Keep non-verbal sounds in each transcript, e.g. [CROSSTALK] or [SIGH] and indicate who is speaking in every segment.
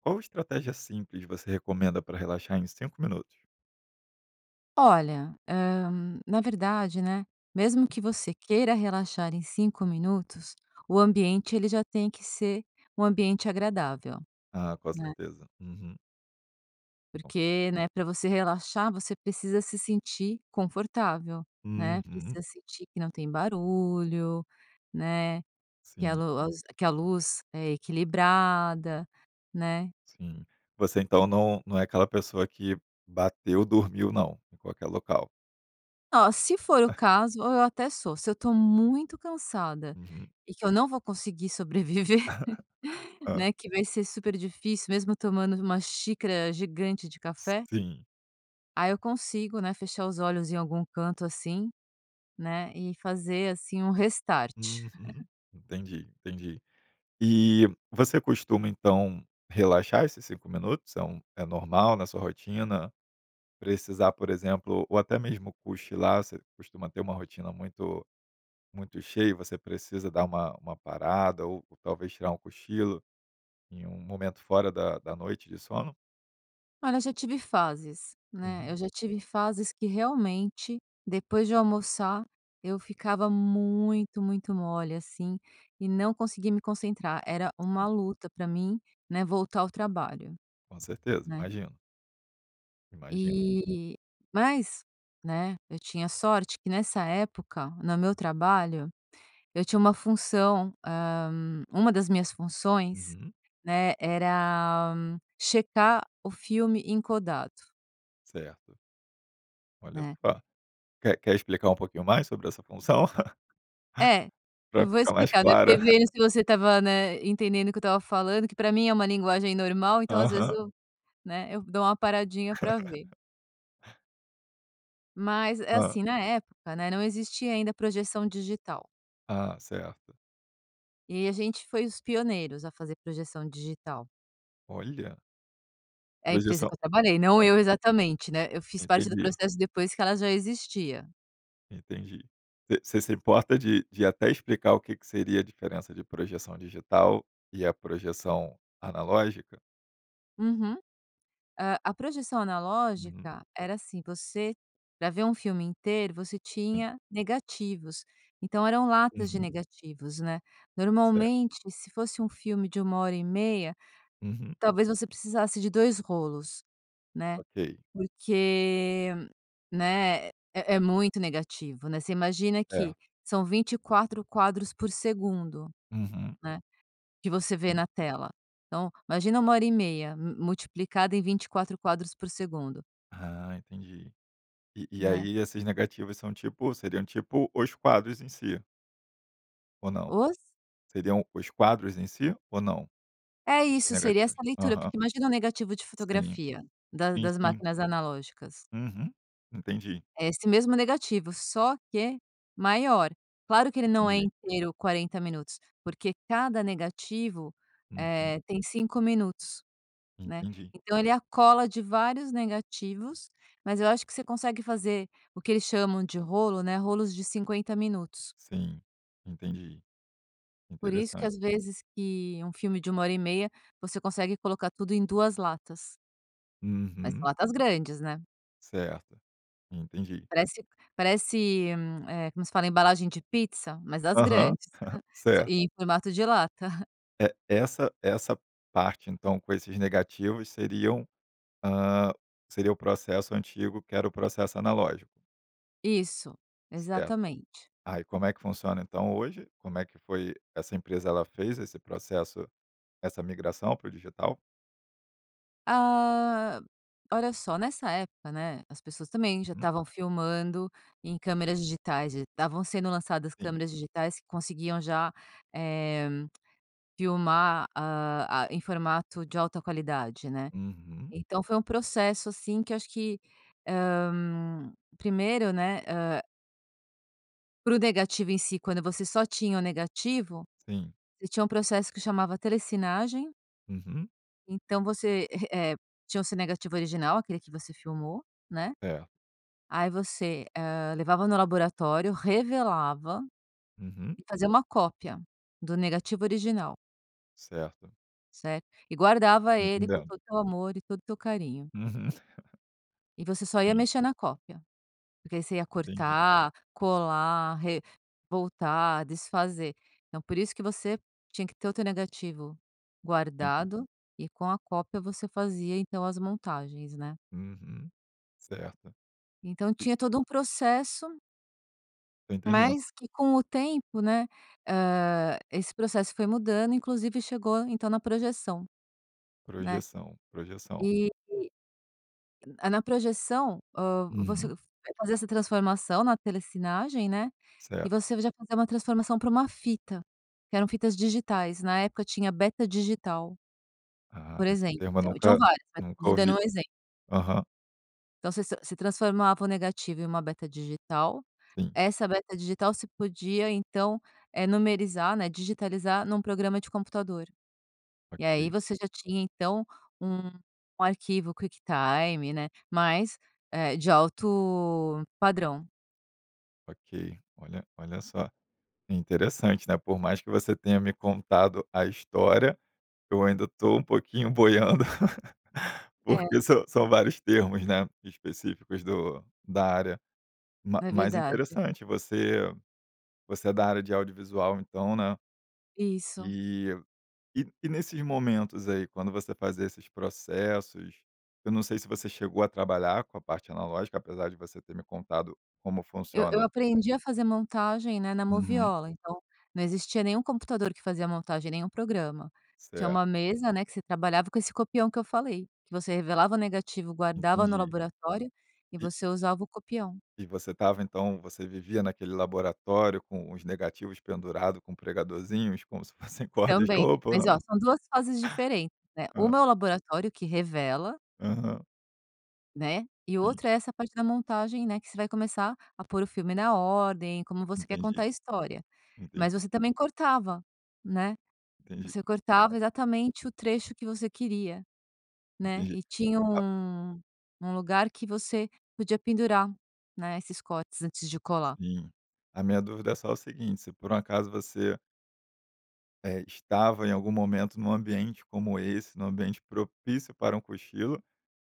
Speaker 1: Qual estratégia simples você recomenda para relaxar em 5 minutos?
Speaker 2: Olha, eh, na verdade, né, mesmo que você queira relaxar em 5 minutos, o ambiente, ele já tem que ser um ambiente agradável,
Speaker 1: Ah, com
Speaker 2: né?
Speaker 1: certeza, uhum. [UNINTELLIGIBLE]
Speaker 2: Porque, né, pra você relaxar, você precisa se sentir confortável, né,
Speaker 1: Uhum.
Speaker 2: precisa sentir que não tem barulho, né, que a
Speaker 1: Sim.
Speaker 2: los que a luz é equilibrada, né?
Speaker 1: Sim. Você então não não é aquela pessoa que bateu, dormiu, não em qualquer local?
Speaker 2: Oh, se for o caso, eu até sou. Se eu estou muito cansada
Speaker 1: Uhum.
Speaker 2: e que eu não vou conseguir sobreviver,
Speaker 1: Hã.
Speaker 2: né, que vai ser super difícil, mesmo tomando uma xícara gigante de café.
Speaker 1: Sim.
Speaker 2: Aí eu consigo, né, fechar os olhos em algum canto, assim, né? E fazer assim um restart.
Speaker 1: Uhum,
Speaker 2: [LAUGHS]
Speaker 1: entendi, entendi. E você costuma então relaxar esses 5 minutos, é um é normal na sua rotina precisar, por exemplo, ou até mesmo cochilar, você costuma ter uma rotina muito muito cheio e você precisa dar uma uma parada ou talvez tirar um cochilo em um momento fora da da noite de sono?
Speaker 2: Olha, eu já tive fases né, eu
Speaker 1: Uhum.
Speaker 2: já tive fases que, realmente, depois de eu almoçar, eu ficava muito, muito mole, assim, e não consegui me concentrar, era uma luta pra mim, né, voltar ao trabalho,
Speaker 1: Com certeza,
Speaker 2: né.
Speaker 1: imagino. Imagino.
Speaker 2: Eh, mas, né, eu tinha sorte que nessa época, no meu trabalho, eu tinha uma função, ah, uma das minhas funções,
Speaker 1: Uhum.
Speaker 2: né, era checar o filme em codato
Speaker 1: Certo. Olha
Speaker 2: Né.
Speaker 1: só, quer quer explicar um pouquinho mais sobre essa função? [CHUCKLES]
Speaker 2: É,
Speaker 1: Pra
Speaker 2: eu vou
Speaker 1: ficar mais
Speaker 2: explicar, né, porque
Speaker 1: clara.
Speaker 2: vendo
Speaker 1: [CHUCKLES]
Speaker 2: se você estava, né, entendendo o que eu estava falando, que pra mim é uma linguagem normal, então, às vezes
Speaker 1: Aham.
Speaker 2: eu né, eu dou uma paradinha pra ver.
Speaker 1: [LAUGHS]
Speaker 2: Mas é
Speaker 1: Hã.
Speaker 2: assim, na época, né, não existia ainda projeção digital.
Speaker 1: Ah, certo.
Speaker 2: E a gente foi os pioneiros a fazer projeção digital.
Speaker 1: Olha.
Speaker 2: É, a empresa
Speaker 1: Projeção
Speaker 2: que eu trabalhei, não
Speaker 1: hã.
Speaker 2: eu exatamente, né, eu fiz parte do
Speaker 1: Entendi.
Speaker 2: processo depois que ela já existia.
Speaker 1: Entendi. Você você se importa de de até explicar o que que seria a diferença de projeção digital e a projeção analógica?
Speaker 2: Uhum. Ah, a projeção
Speaker 1: Uhum.
Speaker 2: analógica era assim, você pra ver um filme inteiro, você
Speaker 1: Sim.
Speaker 2: tinha negativos, então eram latas de
Speaker 1: Uhum.
Speaker 2: negativos, né.
Speaker 1: Certo.
Speaker 2: Normalmente, se fosse um filme de 1 hora e meia,
Speaker 1: Uhum.
Speaker 2: talvez você precisasse de 2 rolos, né.
Speaker 1: Ok.
Speaker 2: Porque, né, é é muito negativo, né. Você imagina
Speaker 1: É.
Speaker 2: que são 24 quadros por segundo,
Speaker 1: Uhum.
Speaker 2: né. Que você vê
Speaker 1: Sim.
Speaker 2: na tela. Então, imagina 1 hora e meia, mu multiplicada em 24 quadros por segundo.
Speaker 1: Ah, entendi. E e
Speaker 2: Né.
Speaker 1: aí essas negativas são, tipo, seriam, tipo, os quadros em si. Ou não?
Speaker 2: Os
Speaker 1: Seriam os quadros em si ou não?
Speaker 2: É
Speaker 1: E sim,
Speaker 2: isso, seria essa
Speaker 1: negativos?
Speaker 2: leitura,
Speaker 1: Aham.
Speaker 2: porque imagina o negativo de
Speaker 1: Sim,
Speaker 2: fotografia, da
Speaker 1: sim,
Speaker 2: das
Speaker 1: sim.
Speaker 2: máquinas analógicas
Speaker 1: Uhum, entendi.
Speaker 2: é esse mesmo negativo, só que maior. Claro que ele não é
Speaker 1: Entendi.
Speaker 2: inteiro, 40 minutos, porque cada negativo,
Speaker 1: Uhum.
Speaker 2: eh, tem 5 minutos, né.
Speaker 1: Entendi.
Speaker 2: Então ele é a cola de vários negativos, mas eu acho que você consegue fazer o que eles chamam de rolo, né. Rolos de 50 minutos.
Speaker 1: Sim, entendi.
Speaker 2: Por isso que
Speaker 1: Interessante.
Speaker 2: às vezes que um filme de 1 hora e meia, você consegue colocar tudo em 2 latas. Mas
Speaker 1: Uhum.
Speaker 2: são latas grandes, né.
Speaker 1: Certo, entendi.
Speaker 2: Parece parece, eh, como se fala? Embalagem de pizza, mas das
Speaker 1: Aham,
Speaker 2: grandes,
Speaker 1: [CHUCKLES]
Speaker 2: hã,
Speaker 1: certo.
Speaker 2: e em formato de lata. [CHUCKLES]
Speaker 1: É essa essa parte, então, com esses negativos seriam, ah, seria o processo antigo, que era o processo analógico.
Speaker 2: Isso,
Speaker 1: Certo.
Speaker 2: exatamente.
Speaker 1: Ah, como é que funciona, então, hoje? Como é que foi essa empresa ela fez esse processo, essa migração para o digital?
Speaker 2: Ah, olha só! Nessa época, né, as pessoas também já
Speaker 1: Uhum.
Speaker 2: estavam filmando em câmeras digitais e estavam sendo lançadas
Speaker 1: Sim.
Speaker 2: câmeras digitais que conseguiam já, eh, [CLICKS TONGUE] filmar, ah ah, em formato de alta qualidade, né.
Speaker 1: Uhum.
Speaker 2: Então foi um processo, assim, que eu acho que, ah, primeiro, né, ah para o negativo em si, quando você só tinha o negativo,
Speaker 1: Sim.
Speaker 2: você tinha um processo que chamava Telecinagem
Speaker 1: Uhum.
Speaker 2: então você, eh eh, tinha o seu negativo original, aquele que você filmou, né.
Speaker 1: É.
Speaker 2: Aí você, ah, levava no laboratório, revelava
Speaker 1: Uhum.
Speaker 2: e fazia uma cópia do negativo original.
Speaker 1: Certo.
Speaker 2: Certo e guardava
Speaker 1: Tô
Speaker 2: ele com
Speaker 1: entendendo.
Speaker 2: todo o teu amor e todo o teu carinho.
Speaker 1: Uhum. [CHUCKLES]
Speaker 2: E você só ia
Speaker 1: Sim.
Speaker 2: mexer na cópia, porque você ia
Speaker 1: Entendi.
Speaker 2: cortar, colar, re voltar, desfazer. Então, por isso que você tinha que ter o teu negativo
Speaker 1: Entendi.
Speaker 2: guardado e com a cópia você fazia então as montagens, né?
Speaker 1: Uhum, certo.
Speaker 2: Então,
Speaker 1: E
Speaker 2: tinha todo um processo
Speaker 1: Tô entendendo.
Speaker 2: mas que com o tempo, né, hã, esse processo foi mudando, inclusive, chegou, então, na projeção, né,
Speaker 1: Projeção, projeção.
Speaker 2: e, a na projeção, ah, você
Speaker 1: Uhum.
Speaker 2: vai fazer essa transformação na telessinagem, né, e
Speaker 1: Certo.
Speaker 2: você já fazer uma transformação para uma fita que eram fitas digitais. Na época tinha beta digital
Speaker 1: Ah,
Speaker 2: por
Speaker 1: esse
Speaker 2: exemplo,
Speaker 1: termo eu
Speaker 2: então, tinham
Speaker 1: nunca
Speaker 2: várias, mas tô
Speaker 1: nunca
Speaker 2: te dando
Speaker 1: ouvi.
Speaker 2: um exemplo.
Speaker 1: Aham.
Speaker 2: Então você se você transformava o negativo em uma beta digital,
Speaker 1: Sim.
Speaker 2: essa beta digital você podia, então eh numerizar, né, digitalizar num programa de computador. E aí
Speaker 1: OK.
Speaker 2: você já tinha, então, um arquivo, QuickTime, né, mas, eh, de alto padrão.
Speaker 1: Ok, olha olha só que interessante, né, por mais que você tenha me contado a história, eu ainda estou um pouquinho boiando [LAUGHS]
Speaker 2: É.
Speaker 1: porque são são vários termos, né, específicos do da área, mas
Speaker 2: É
Speaker 1: mas
Speaker 2: verdade.
Speaker 1: interessante, você você é da área de audiovisual, então, né.
Speaker 2: Isso.
Speaker 1: E e e nesses momentos aí, quando você fazia esses processos, eu não sei se você chegou a trabalhar com a parte analógica, apesar de você ter me contado como
Speaker 2: Eu eu
Speaker 1: funciona.
Speaker 2: aprendi a fazer montagem, né, na
Speaker 1: Uhum.
Speaker 2: moviola, então não existia nenhum computador que fazia montagem, nenhum programa. Tinha
Speaker 1: Certo
Speaker 2: uma mesa, né, que você trabalhava com esse copião que eu falei, que você revelava o negativo, guardava no
Speaker 1: Entendi.
Speaker 2: laboratório e
Speaker 1: E
Speaker 2: você usava o copião.
Speaker 1: E você estava, então você vivia naquele laboratório com os negativos pendurados com pregadorzinhos, como se fossem corda de
Speaker 2: Também,
Speaker 1: roupa, ou
Speaker 2: mas ó,
Speaker 1: não?
Speaker 2: são 2 fases diferentes, neh.
Speaker 1: Ah.
Speaker 2: 1 é o laboratório que revela
Speaker 1: Aham.
Speaker 2: né, e o
Speaker 1: Sim.
Speaker 2: outro é essa parte da montagem, né, que você vai começar a pôr o filme na ordem, como você quer contar
Speaker 1: Entendi.
Speaker 2: a história, mas
Speaker 1: Entendi.
Speaker 2: você também cortava, né,
Speaker 1: Entendi.
Speaker 2: você cortava exatamente o trecho que você queria, né.
Speaker 1: Entendi,
Speaker 2: E tinha
Speaker 1: ah
Speaker 2: um um lugar que você podia pendurar, né, esses cortes antes de colar.
Speaker 1: Sim, a minha dúvida é só o seguinte se por um acaso você É, estava em algum momento num ambiente como esse, num ambiente propício para um cochilo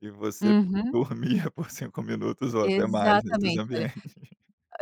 Speaker 1: e você
Speaker 2: Uhum.
Speaker 1: dormia por 5 minutos ou até mais nesses
Speaker 2: Exatamente. Olha,
Speaker 1: ambientes.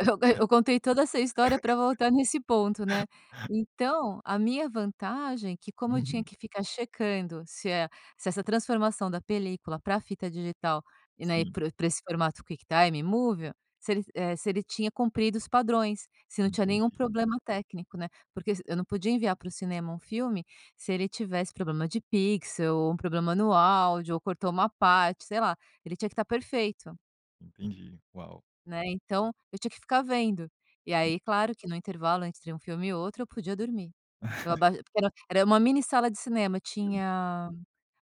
Speaker 2: eu eu contei toda essa história para voltar nesse ponto, né. Então a minha vantagem que como eu tinha
Speaker 1: Uhum.
Speaker 2: que ficar checando se e se essa transformação da película para a fita digital e, né,
Speaker 1: Sim.
Speaker 2: para o para esse formato, QuickTime Movie, se el eh, se ele tinha cumprido os padrões. Se não tinha nenhum
Speaker 1: Entendi.
Speaker 2: problema técnico, né. Porque se eu não podia enviar para o cinema um filme, se ele tivesse problema de pixel ou um problema no áudio ou cortou uma parte, sei lá. Ele tinha que estar perfeito.
Speaker 1: Entendi. Uau!
Speaker 2: Né. Então eu tinha que ficar vendo. E
Speaker 1: [UNINTELLIGIBLE]
Speaker 2: aí, claro que no intervalo entre um filme e o outro, eu podia dormir. Eu aba
Speaker 1: [CHUCKLES]
Speaker 2: porque era era uma mini sala de cinema,
Speaker 1: Sim.
Speaker 2: tinha,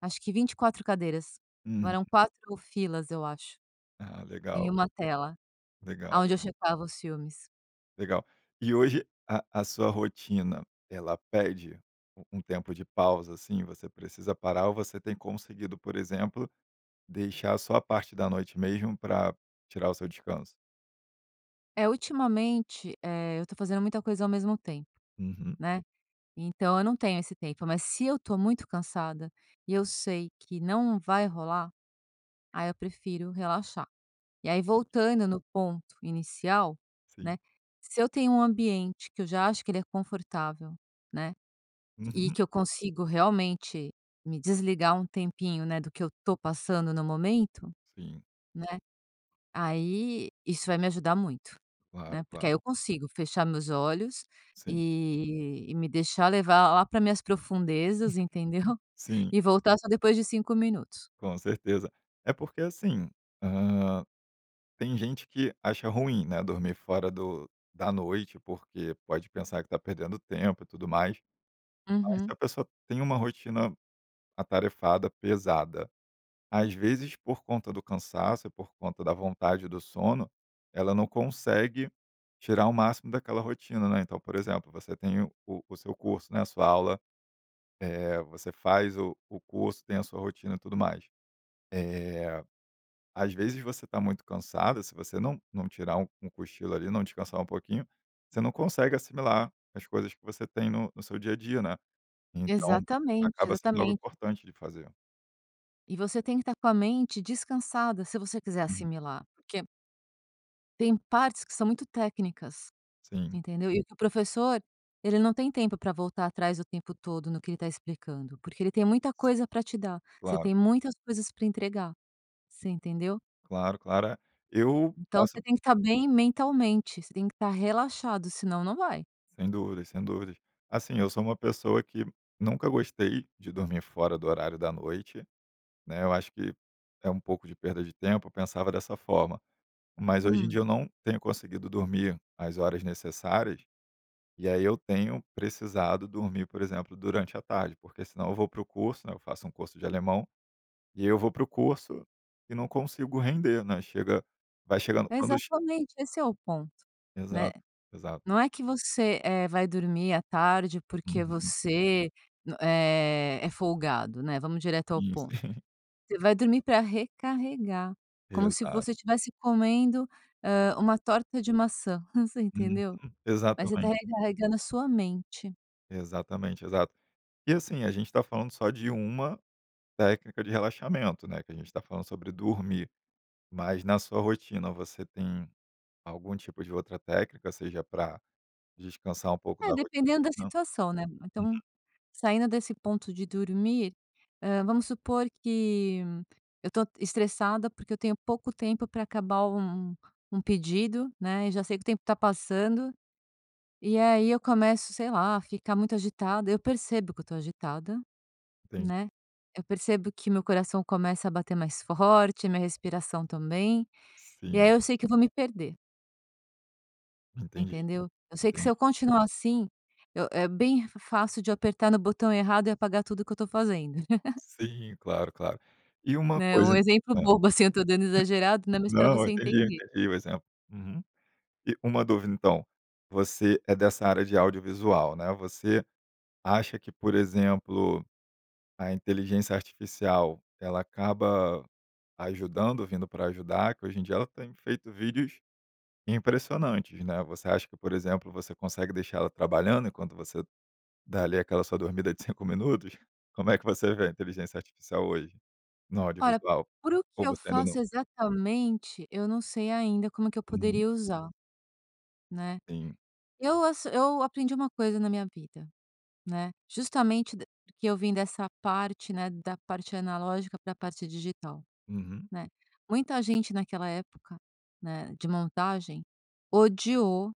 Speaker 2: acho que 24 cadeiras.
Speaker 1: Uhum.
Speaker 2: Eram 4 filas eu acho,
Speaker 1: Ah,
Speaker 2: em
Speaker 1: legal.
Speaker 2: uma tela
Speaker 1: Legal
Speaker 2: aonde eu
Speaker 1: legal.
Speaker 2: checava os filmes.
Speaker 1: Legal. E hoje a a sua rotina, ela pede u um tempo de pausa, assim? Você precisa parar? Ou você tem conseguido, por exemplo, deixar só a parte da noite mesmo pra tirar o seu descanso?
Speaker 2: É, ultimamente, eh, eu estou fazendo muita coisa ao mesmo tempo,
Speaker 1: Uhum.
Speaker 2: né. Então eu não tenho esse tempo, mas se eu estou muito cansada e eu sei que não vai rolar, aí eu prefiro relaxar. E aí, voltando no ponto inicial,
Speaker 1: Sim.
Speaker 2: né, se eu tenho um ambiente que eu já acho que ele é confortável, né, e
Speaker 1: Uhum.
Speaker 2: que eu consigo, realmente, me desligar um tempinho, né, do que eu estou passando no momento,
Speaker 1: Sim.
Speaker 2: né, aí isso vai me ajudar muito,
Speaker 1: Claro,
Speaker 2: né. Porque aí
Speaker 1: claro.
Speaker 2: eu consigo fechar meus olhos, eh,
Speaker 1: Sim.
Speaker 2: e me deixar levar lá para minhas profundezas, entendeu?
Speaker 1: Sim.
Speaker 2: E voltar só depois de 5 minutos.
Speaker 1: Com certeza, é porque, assim, ah, tem gente que acha ruim, né, dormir fora do da noite, porque pode pensar que está perdendo tempo e tudo mais. Mas se
Speaker 2: Uhum.
Speaker 1: a pessoa tem uma rotina atarefada, pesada, às vezes por conta do cansaço e por conta da vontade do sono, ela não consegue tirar o máximo daquela rotina, né. Então, por exemplo, você tem o o o seu curso, né, a sua aula, eh, você faz o o curso, tem a sua rotina e tudo mais. Eh, às vezes você está muito cansada, se você não não tirar um um cochilo ali, não descansar um pouquinho, você não consegue assimilar as coisas que você tem no no seu dia a dia, né. Então
Speaker 2: Exatamente,
Speaker 1: acaba sendo algo
Speaker 2: exatamente.
Speaker 1: importante de fazer.
Speaker 2: E você tem que estar com a mente descansada. Se você se você quiser
Speaker 1: Uhum.
Speaker 2: assimilar, porque tem partes que são muito técnicas,
Speaker 1: Sim.
Speaker 2: entendeu? E o que o professor, ele não tem tempo para voltar atrás o tempo todo no que ele está explicando, porque ele tem muita coisa para te dar. Você
Speaker 1: Claro.
Speaker 2: tem muitas coisas para entregar. Você entendeu?
Speaker 1: Claro claro, eu
Speaker 2: Então,
Speaker 1: faço.
Speaker 2: você tem que estar bem mentalmente. Você tem que estar relaxado, senão não vai.
Speaker 1: Sem dúvidas sem dúvidas. Assim, eu sou uma pessoa que nunca gostei de dormir fora do horário da noite, né. Eu acho que é, um pouco de perda de tempo. Eu pensava dessa forma, mas hoje em dia
Speaker 2: Hum.
Speaker 1: eu não tenho conseguido dormir as horas necessárias. E aí, eu tenho precisado dormir, por exemplo, durante a tarde, porque senão eu vou para o curso, né, eu faço um curso de alemão e eu vou para o curso e não consigo render, né, chega vai chegando quando
Speaker 2: Exatamente, esse é o ponto, né.
Speaker 1: Exato, exato.
Speaker 2: Não é que você, eh, vai dormir à tarde, porque
Speaker 1: Uhum.
Speaker 2: você, eh, é folgado, né vamos direto ao
Speaker 1: Isso.
Speaker 2: ponto.
Speaker 1: [CHUCKLES]
Speaker 2: Você vai dormir para recarregar como se
Speaker 1: Exato.
Speaker 2: você tivesse comendo. Ah, uma torta de maçã. Você
Speaker 1: Uhum,
Speaker 2: entendeu, mas você está
Speaker 1: exatamente.
Speaker 2: recarregando a sua mente.
Speaker 1: Exatamente, exato. E assim, a gente está falando só de uma técnica de relaxamento, né, que a gente está falando sobre dormir, mas na sua rotina, você tem algum tipo de outra técnica, seja para descansar um pouco
Speaker 2: É,
Speaker 1: da rotina
Speaker 2: dependendo da
Speaker 1: Uhum.
Speaker 2: situação, né. Então, saindo desse ponto de dormir, eh, vamos supor que eu tô estressada, porque eu tenho pouco tempo para acabar um um pedido, né, e já sei que o tempo está passando. E aí eu começo, sei lá a ficar muito agitada. Eu percebo que eu estou agitada,
Speaker 1: Entendi.
Speaker 2: né. Eu percebo que meu coração começa a bater mais forte, minha respiração também. E aí
Speaker 1: Sim.
Speaker 2: eu sei que eu vou me perder.
Speaker 1: Entendi,
Speaker 2: Entendeu. Eu sei que se
Speaker 1: entendi.
Speaker 2: eu continuar, assim, eu é bem fácil de apertar no botão errado e apagar tudo o que eu estou fazendo. [CHUCKLES]
Speaker 1: Sim, claro claro, e uma
Speaker 2: Né. Um
Speaker 1: coisa,
Speaker 2: exemplo
Speaker 1: hã.
Speaker 2: bobo, assim, eu estou dando exagerado, né, mas para
Speaker 1: Não, eu
Speaker 2: você
Speaker 1: entendi
Speaker 2: entender.
Speaker 1: entendi o exemplo, uhum, e uma dúvida, então você é dessa área de audiovisual, né. Você acha que, por exemplo, a inteligência artificial, ela acaba ajudando, vindo para ajudar que hoje em dia ela tem feito vídeos impressionantes, né. Você acha que, por exemplo, você consegue deixar ela trabalhando enquanto você dá ali aquela sua dormida de 5 minutos? Como é que você vê a inteligência artificial hoje, no
Speaker 2: Olha,
Speaker 1: audiovisual?
Speaker 2: para o que
Speaker 1: Ou
Speaker 2: eu
Speaker 1: você ainda não
Speaker 2: faço exatamente, eu não sei ainda como é que eu
Speaker 1: Uhum.
Speaker 2: poderia usar, né.
Speaker 1: Sim.
Speaker 2: Eu assi eu aprendi uma coisa na minha vida, né. Justamente porque eu vim dessa parte, né, da parte analógica para a parte digital,
Speaker 1: Uhum.
Speaker 2: né. Muita gente naquela época, né, de montagem, odiou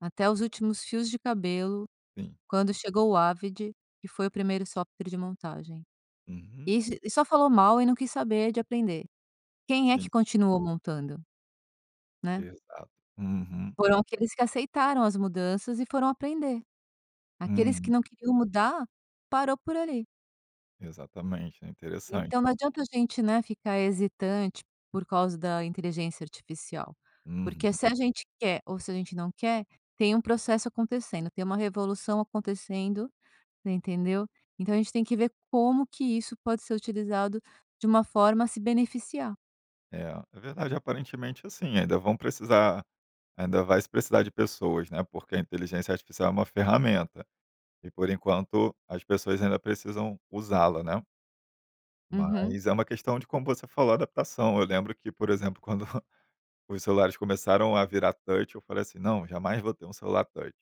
Speaker 2: até os últimos fios de cabelo,
Speaker 1: Sim.
Speaker 2: quando chegou o Avid, que foi o primeiro software de montagem.
Speaker 1: Uhum.
Speaker 2: E e só falou mal e não quis saber de aprender. Quem é que
Speaker 1: Sim.
Speaker 2: continuou montando, né.
Speaker 1: Exato, uhum.
Speaker 2: Foram aqueles que aceitaram as mudanças e foram aprender. Aqueles que
Speaker 1: Uhum.
Speaker 2: não queriam mudar parou por ali.
Speaker 1: Exatamente é interessante.
Speaker 2: Então não adianta a gente, né, ficar hesitante por causa da inteligência artificial, porque,
Speaker 1: Uhum.
Speaker 2: se a gente quer, ou se a gente não quer, tem um processo acontecendo. Tem uma revolução acontecendo, entendeu? Então, a gente tem que ver como que isso pode ser utilizado de uma forma a se beneficiar.
Speaker 1: É, é verdade. Aparentemente, assim, ainda vão precisar Ainda vai se precisar de pessoas, né. Porque a inteligência artificial é uma ferramenta e, por enquanto, as pessoas ainda precisam usá-la, né?
Speaker 2: Uhum.
Speaker 1: Mas é uma questão de, como você falou, adaptação. Eu lembro que, por exemplo, quando [CHUCKLES] os celulares começaram a virar touch, eu falei assim: "Não, jamais vou ter um celular touch."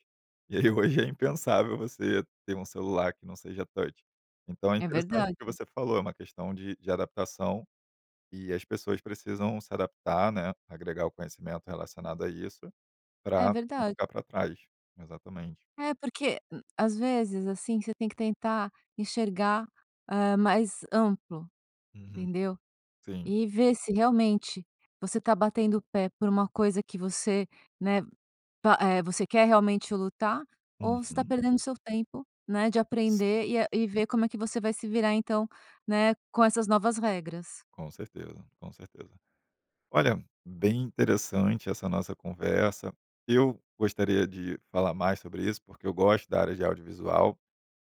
Speaker 1: E aí hoje é impensável você ter um celular que não seja touch. Então é
Speaker 2: É
Speaker 1: interessante o
Speaker 2: verdade.
Speaker 1: que você falou, é uma questão de de adaptação e as pessoas precisam se adaptar, né. Agregar o conhecimento relacionado a isso para
Speaker 2: É
Speaker 1: não
Speaker 2: verdade.
Speaker 1: ficar para trás, exatamente.
Speaker 2: É porque, hum, às vezes, assim, você tem que tentar enxergar, ah, mais amplo,
Speaker 1: Uhum,
Speaker 2: entendeu?
Speaker 1: sim.
Speaker 2: E ver se realmente você está batendo o pé por uma coisa que você, né? Pa eh, você quer realmente lutar, ou você está
Speaker 1: Uhum.
Speaker 2: perdendo o seu tempo, né, de
Speaker 1: Sim.
Speaker 2: aprender e e ver como é que você vai se virar, então, né, com essas novas regras.
Speaker 1: Com certeza, com certeza. Olha, bem interessante essa nossa conversa. Eu gostaria de falar mais sobre isso, porque eu gosto da área de audiovisual,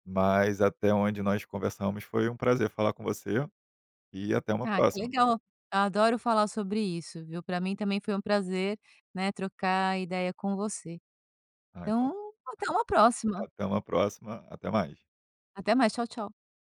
Speaker 1: mas até onde nós conversamos, foi um prazer falar com você e até uma
Speaker 2: Ah, que
Speaker 1: próxima.
Speaker 2: legal. Adoro falar sobre isso, viu? Pra mim, também, foi um prazer, né. Trocar ideia com você,
Speaker 1: Ah, então
Speaker 2: então, até uma
Speaker 1: [UNINTELLIGIBLE]
Speaker 2: próxima.
Speaker 1: Até uma próxima, até mais.
Speaker 2: Até mais, tchau, tchau.